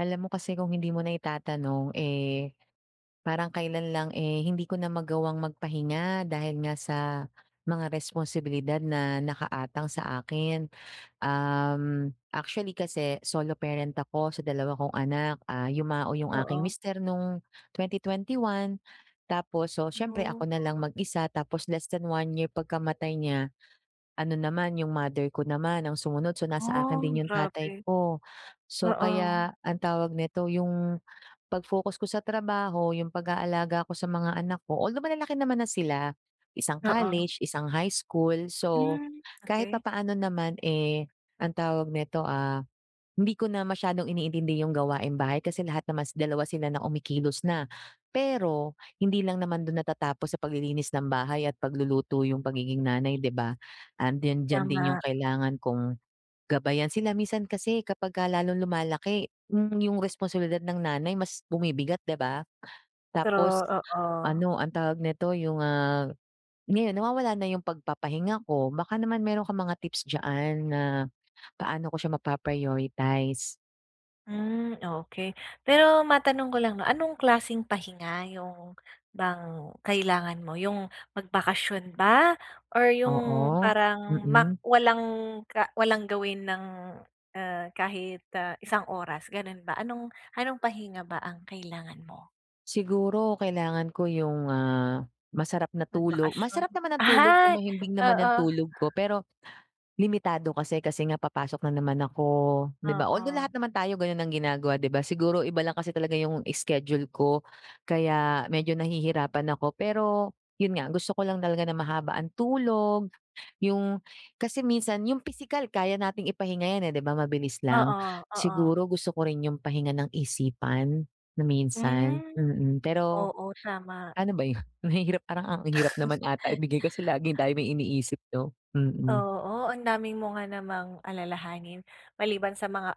Alam mo kasi kung hindi mo na itatanong, eh, parang kailan lang, eh, hindi ko na magawang magpahinga dahil nga sa mga responsibilidad na nakaatang sa akin. Um, actually kasi solo parent ako sa 2 kong anak, ah, yumao yung aking Oo. mister nung 2021 tapos so, siyempre ako Oh, na lang Oo. mag-isa tapos less than 1 year pagkamatay niya, ano naman yung mother ko naman ang sumunod so, nasa akin Oh! din yung tatay Grabe, ko. So, oo. kaya ang tawag nito, yung pag-focus ko sa trabaho, yung pag-aalaga ko sa mga anak ko, although malalaki naman na sila isang Oo. college, isang high school, so Hmm, kahit okey. papaano naman, eh, ang tawag neto, ah, hindi ko na masyadong iniintindi yung gawaing bahay kasi lahat naman 2 sila na kumikilos na. Pero, hindi lang naman do'n natatapos sa paglilinis ng bahay at pagluluto yung pagiging nanay di ba? 'Andiyan-diyan din yung Tama. kailangan kong gabayan sila. Minsan kasi kapag ka lalong lumalaki, hmm, yung responsibilidad ng nanay mas bumibigat di ba? True, Tapos oo. ano ang tawag neto, yung, ah, ngayon nawawala na yung pagpapahinga ko. Baka naman mayro'n kang mga tips diyan na paano ko siya mapa-prioritize? Hmm, okey. Pero matanong ko lang 'no, anong klaseng pahinga yung bang kailangan mo yung magbakasyon ba or yung Oo, parang mak mm. walang ka walang gawin ng, ah, kahit, ah, isang oras gano'n ba, anong anong pahinga ba ang kailangan mo? Siguro kailangan ko yung, ah, masarap na tulog Magbakasyon? masarap naman ng tulog ko, Ay! mahimbing naman Oo. ng tulog ko pero limitado kasi kasi nga papasok na naman ako di ba? Although lahat Oo. naman tayo gano'n ang ginagawa di ba, siguro iba lang kasi talaga yung schedule ko kaya medyo nahihirapan ako. Pero 'yon nga gusto ko lang talaga na mahaba ang tulog yung kasi minsan yung pisikal kaya nating ipahinga yan, eh, di ba, mabilis lang. Oo, oo. Siguro gusto ko rin yung pahinga ng isipan na minsan, Hmm, mm, pero oo tama. ano ba 'yon, mahirap parang ang hirap naman ata ibigay kasi laging tayo may iniisip no? Mm. Oo, ang dami mo nga namang alalahanin, maliban sa mga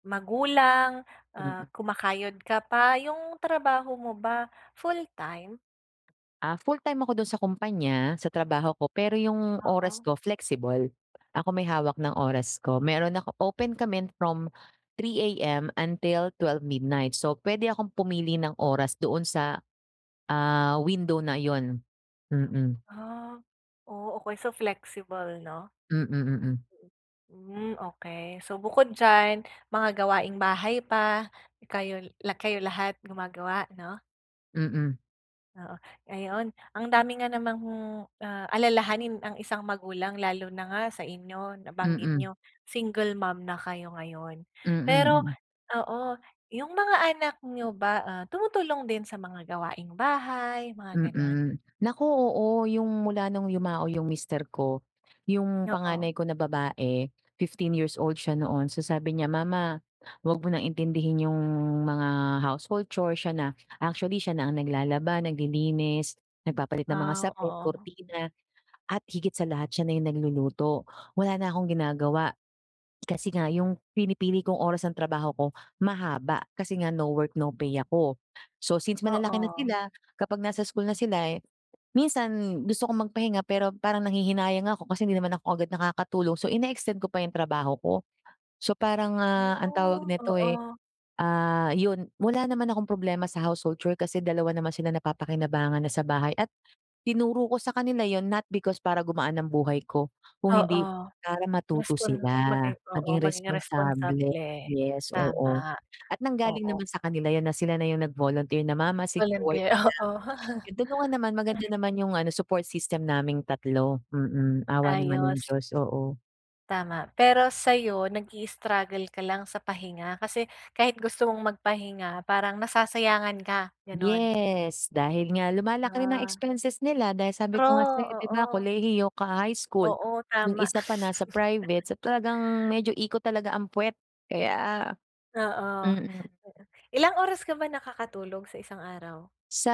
magulang, ah, Mm. kumakayod ka pa yung trabaho mo ba full-time? Ah, fulltime ako dun sa kumpanya, sa trabaho ko. Pero yung oras Oo. ko flexible. Ako may hawak ng oras ko, meron ako open kami from 3AM until 12 midnight. So pwede akong pumili ng oras doon sa, ah, window na yun, mm. Ah, oo okey, so flexible 'no? Mm, mm. Hmm, okey. So bukod diyan, mga gawaing bahay pa, kayo la kayo lahat gumagawa 'no? Mm. Oo, ayun. Ang dami nga namang, ah, alalahanin ang isang magulang lalo na nga sa inyo nabanggit Mm. niyo, single mom na kayo ngayon. Mm, Pero hmm. oo, yung mga anak niyo ba, ah, tumutulong din sa mga gawaing bahay, mga ganun? Mm, naku oo, yung mula nung yumao yung mister ko, yung Oo. panganay ko na babae 15 years old siya noon. So sabi niya, "Mama, wag mo nang intindihin yung mga household chores" Siya na. Actually, siya na ang naglalaba, naglilinis, nagpapalit ng mga Ah, sapin, oo. kurtina, at higit sa lahat siya na yung nagluluto. Wala na akong ginagawa. Kasi nga yung pinipili kong oras ng trabaho ko, mahaba. Kasi nga no work, no pay ako. So, since malalaki na Oo. sila kapag nasa school na sila, eh, minsan gusto kong magpahinga pero parang nanghihinayang nga ako. Kasi hindi naman ako agad nakakatulog so ine-extend ko pa yung trabaho ko. So, parang, ah, ang tawag Woah, nito eh, oo. ah, yun wala naman akong problema sa household chore kasi dalawa naman sila napapakinabangan na sa bahay. At tinuro ko sa kanila yun not because para gumaan ng buhay ko, kung hindi Oo, para matuto respon sila, maging oo maging maging responsable. responsable, Yes, oo. tama At nanggaling oo. naman sa kanila yun na sila na yung nag-volunteer na, "Mama, sige work Volunteer ka oo. lang" Totoo naman maganda naman yung ano support system naming tatlo, mm, awa naman ng Ayos. Diyos oo. Tama. Pero sa iyo, nag-i-struggle ka lang sa pahinga kasi kahit gusto mong magpahinga parang nasasayangan ka, ganoon. Yes, dahil nga lumalaki rin ang Ah. expenses nila. Dahil sabi True, ko nga sa iyo hindi ba, oo. kolehiyo ka high school, Oo iyung tama. isa pa nasa private. So, talagang medyo ikot talaga ang puwet kaya. Oo. Mm. Pero, ilang oras ka ba nakakatulog sa isang araw? Sa,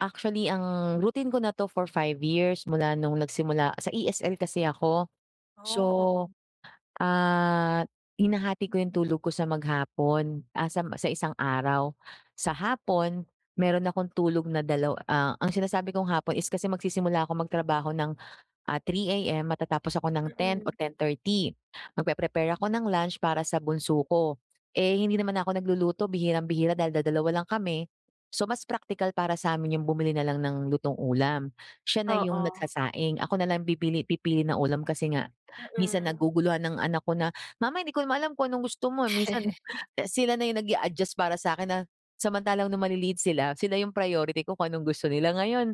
actually ang routine ko na ito for 5 years mula nung nagsimula sa ESL kasi ako. So, Oh, oo. at hinahati ko iyung tulog ko sa maghapon, a sa m sa isang araw. Sa hapon, meron akong tulog na dalaw ah, ang sinasabi kong hapon is kasi magsisimula akong magtrabaho ng, ah, 3:00 AM matatapos ako ng 10 Mm. o 10:30. Magpe-prepare ako ng lunch para sa bunso ko. Eh, hindi naman na ako nagluluto bihirang-bihira dahil dadalawa lang kami, so mas praktikal para sa amin iyung bumili na lang ng lutong ulam. Siya na iyung Oo. nagsasaing, ako na lang bibili pipili ng ulam kasi nga minsan Mm. naguguluhan ang anak ko na, "Mama hindi ko naman alam kung anong gusto mo" minsan, eh, sila na iyung nag-a-adjust para sa akin na samantalang noong maliliit sila, sila iyung priority ko kung anong gusto nila. Ngayon,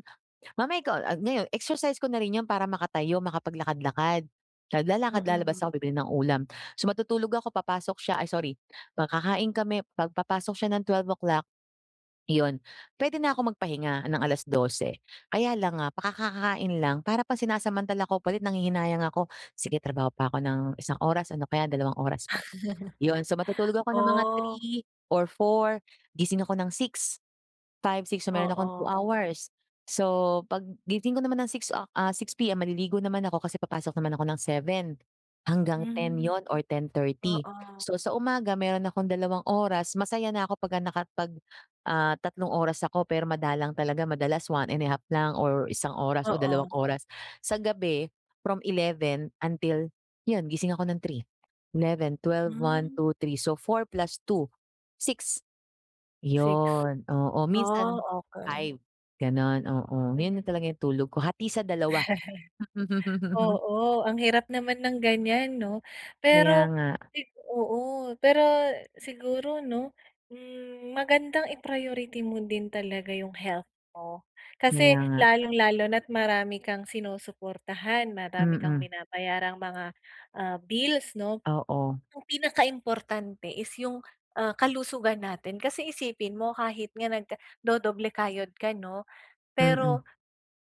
"Mama ikaw" ah, niyo exercise ko na rin iyun para makatayo, makapaglakad-lakad. Naglalakad, lalabas Mm. ako bibili ng ulam. So matutulog ako papasok siya ay sorry, pa kakain kami, kapag papasok siya ng 12 o'clock, iyun, puwede na akong magpahinga ng 12. Kaya lang nga, paka kakakain lang, para pa sinasamantala ako pa din nanghihinayang ako, sige trabaho pa ako ng isang oras ano kaya dalawang oras, iyun, so matutulog ako ng mga Oh. 3 or 4 gising ako ng 6, 5, 6. So meron akong two Oo. hours. So, paggising ko naman ng 6 o ah, 6:00 PM maliligo naman ako kasi papasok naman ako ng 7 hanggang 10 Hmm, iyun or 10:30. oo. So, sa umaga meron akong dalawang oras masaya na ako pagka nakapag ah, 3 oras ako, pero madalang talaga. Madalas 1 1/2 lang or isang oras o Oo. dalawang oras. Sa gabi from 11 until iyun gising ako ng three, eleven, twelve, one, Hmm. two, three, so 4 plus 2, 6. 6, Iyun, oo oh, minsan okey. 5 ganoon, oo, iyun na Hmm. talaga iyung tulog ko hati sa dalawa. Oo ang hirap naman ng ganiyan ano. Kaya Pero nga. ay oo. Pero, siguro ano, hmm, magandang i-priority mo din talaga iyung health mo. Kasi Kaya nga. lalong-lalo na at marami kang sinusuportahan, marami kang Mm. binabayarang mga, ah, bills ano. Oo. Iyung pinakaimportante is iyung, ah, kalusugan natin. Kasi, isipin mo kahit nga nag-dodoble kayod ka ano, Mm. pero,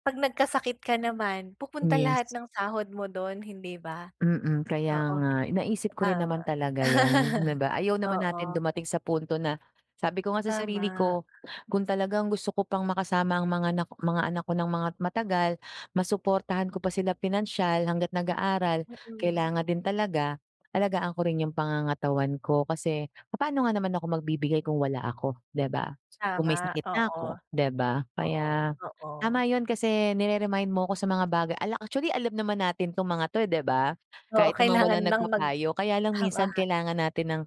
kapag nagkasakit ka naman pupunta Yes. lahat ng sahod mo doon hindi ba? Mm kaya Oo nga. Naisip ko rin tama. naman talaga iyan, hindi ba? Ayaw naman natin Oo. dumating sa punto na, sabi ko nga sa sarili Tama. ko kung talagang gusto ko pang makasama ang mga nak mga anak ko ng mga matagal, masuportahan ko pa sila pinansiyal hangga't nag-aaral, Mm. kailangan din talaga alagaan ko rin iyung pangangatawan ko. Kasi papaano nga naman ako magbibigay kung wala ako hindi ba? Kung Tama, maysakit na oo. ako hindi ba? Oo, Kaya oo. tama iyun kasi nire-remind mo ako sa mga baga ala actually alam naman natin itong mga ito, eh, hindi ba. Oo Kahit naman kailangan walang ng mag nagpapayo. Kaya lang tama. minsan kailangan natin ng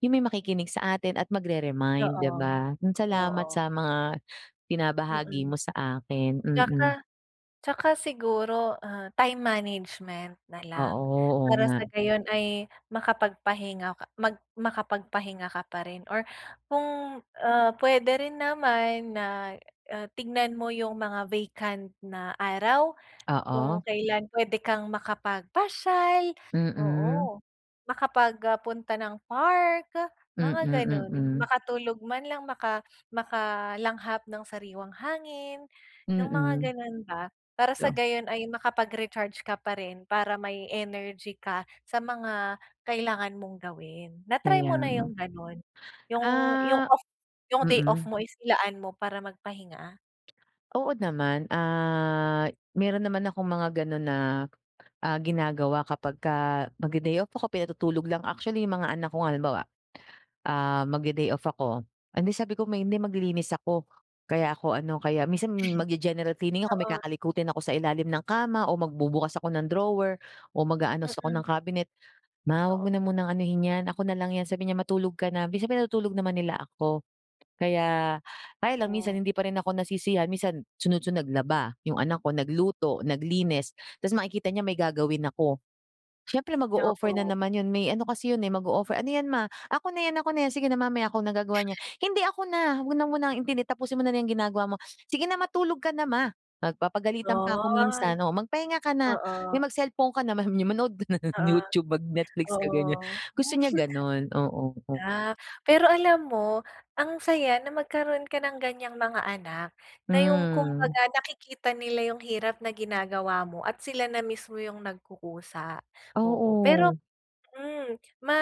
iyung may makikinig sa atin at magre-remind hindi Oo, ba. Iyun salamat oo. sa mga binabahagi Mm. mo sa akin, mm. 'Tsaka 'tsaka siguro ah, time management Oo, nalang oo para sa nga. gayon ay makapagpahinga ka mag makapagpahinga ka pa rin or kung, ah, puwede rin naman na, ah, tignan mo iyung mga vacant na araw, kung Oo. kailan puwede kang makapagpasyal. Mm. Oo makapag ah, punta ng park, Mm, mga ganoon. mm. Makatulog man lang, maka makalanghap ng sariwang hangin. Iyung mga Mm. ganoon ba, para sa [unintelligible] gayon ay makapag-recharge ka pa rin para may energy ka sa mga kailangan mong gawin. Na-try Kaya mo na nga. iyung ganoon? Iyung, iyung Ah off iyung day off mm. mo is ilaan mo para magpahinga? Oo naman. Ah, meron naman akong mga gano'n na, ah, ginagawa kapagka magde-day off ako, pinatutulog lang. Actually, yung mga anak ko nga halimbawa, ah, magde-day off ako, "Hindi," sabi ko "may hindi maglilinis ako kaya ako ano." Kaya minsan mag-ge-general cleaning ako. May Oo. kakalikutin ako sa ilalim ng kama, o magbubukas ako ng drawer, o mag-aayos ako Mm. ng cabinet. "Ma, wag mo Oo. na munang anuhin 'yan, ako na lang 'yan." Sabi niya, "matulog ka na." Minsan pinatutulog naman nila ako kaya kaya lang minsan Woah. hindi pa rin ako nasisiyahan. Minsan, sunod-sunod, naglaba, yung anak ko nagluto, naglinis, tapos makikita niya na may gagawin ako. Syempre mag-o-offer na Oo. naman yun. May ano kasi yun eh, mag-o-offer, "Ano yan, Ma? Ako na yan, ako na yan, sige na mamaya ako nang gagawa niyan." "Hindi ako na, wag mo na munang intindihin, tapusin mo na lang yang ginagawa mo. Sige na, matulog ka na Ma." Nag Papagalitan pa ako Ay, minsan, oo. "Magpahinga ka na. Mi, oo. mag-cellphone ka naman, sabi niya "manood ka ng Oo, YouTube, mag Netflix ka, ganyan. oo. Gusto niya ganun, oo, o Ah. Pero alam mo, ang saya na magkaroon ka ng ganyang mga anak. Na yung Hmm. kumbaga nakikita nila yung hirap na ginagawa mo at sila na mismo yung nagkukusa, oo. Pero, Oo. hmm, ma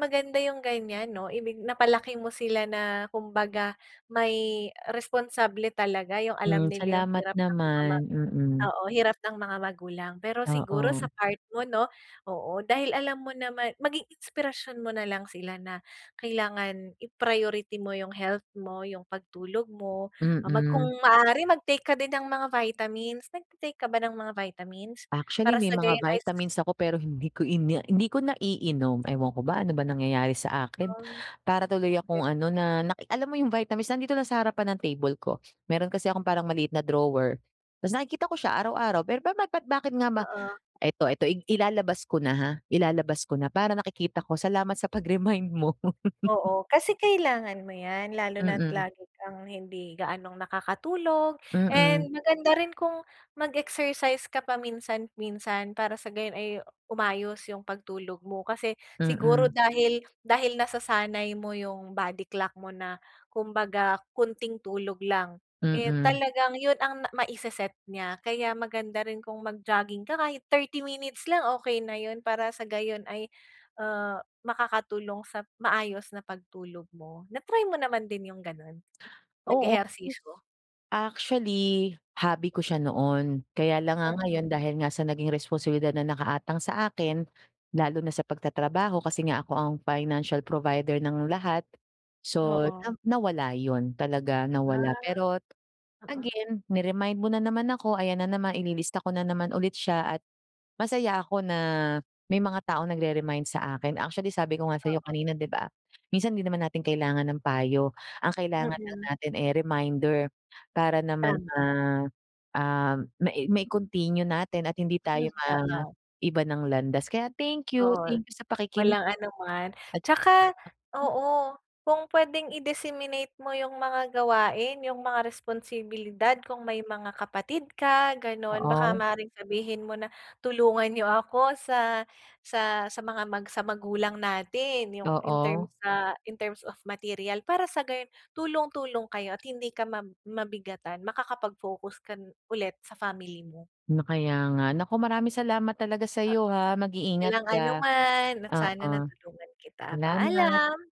maganda yung ganyan, 'no, ibig napalaki mo sila na kumbaga, may responsable talaga. Yung alam Hmm, nila yung salamat hirap ng mga ma, naman, mm. oo, hirap ng mga magulang. Pero siguro sa Oo. part mo 'no, oo, dahil alam mo naman, maging inspirasyon mo nalang sila na kailangan i-priority mo yung health mo, yung pagtulog mo, ah, mag kung Mm. maaari mag-take ka din ng mga vitamins. Nagte-take ka ba ng mga vitamins? Actually Para may sa mga gayon ay vitamins ako pero hindi ko ina hindi ko naiinom. Ewan ko ba, ano bang nangyayari sa akin. Hmm, Para tuloy okey. akong ano, na naki alam mo yung vitamins nandito lang sa harapan ng table ko. Meron kasi akong parang maliit na drawer, tapos nakikita ko siya araw-araw. Pero ba't ba't bakit nga ba, Oo. eto eto ilalabas ko na ha, ilalabas ko na para nakikita ko. Salamat sa pag-remind mo. Oo, kasi kailangan mo yan lalo na't Mm. lagi kang hindi gaanong nakakatulog and Mm. maganda rin kung mag-exercise ka paminsan-minsan para sa gayon ay umayos yung pagtulog mo. Kasi siguro Mm. dahil dahil nasasanay mo yung body clock mo na kumbaga konting tulog lang, eh Mm. talagang yun ang na maise-set niya. Kaya maganda rin kung mag jogging ka, kahit 30 minutes lang okey na yun. Para sa gayon ay, ah, makakatulong sa maayos na pagtulog mo. Na-try mo naman din yung ganun, Oo, yes. nag-ehersisyo? Actually, hobby ko siya noon, kaya lang nga Mm. ngayon dahil nga sa naging responsibilidad na nakaatang sa akin, lalo na sa pagtatrabaho kasi nga ako ang financial provider ng lahat. So, na Oo. nawala yun talaga, Ah, nawala. Pero oo. again ni-remind mo na naman ako, ayan na naman, ililista ko na naman ulit siya at masaya ako na may mga taong nagre-remind sa akin. Actually, sabi ko nga sa'yo Oo. kanina 'di ba, minsan hindi naman natin kailangan ng payo ang kailangan lang Mm. natin eh reminder para naman, Tama. ah, ah, mai mai-continue natin at hindi Hmm, tayo oo. maiba ng landas. Kaya thank you. Oo. Thank you sa pakikinig walang ano man. at Tsaka, naku oo, kung pwedeng i-disseminate mo yung mga gawain, yung mga responsibilidad, kung may mga kapatid ka, gano'n. Baka Oo. maaaring sabihin mo na, tulungan niyo ako sa sa sa mga mag sa magulang natin. Yung in terms Oo. sa in terms of material, para sa gayon tulong-tulong kayo at hindi ka ma mabigatan, makakapag-focus kan ulit sa family mo. 'No, kaya nga. Naku, maraming salamat talaga Oo. sa'yo ha, mag-iingat Walang ka. anuman at sana Oo, natulungan kita. salamat! Paalam!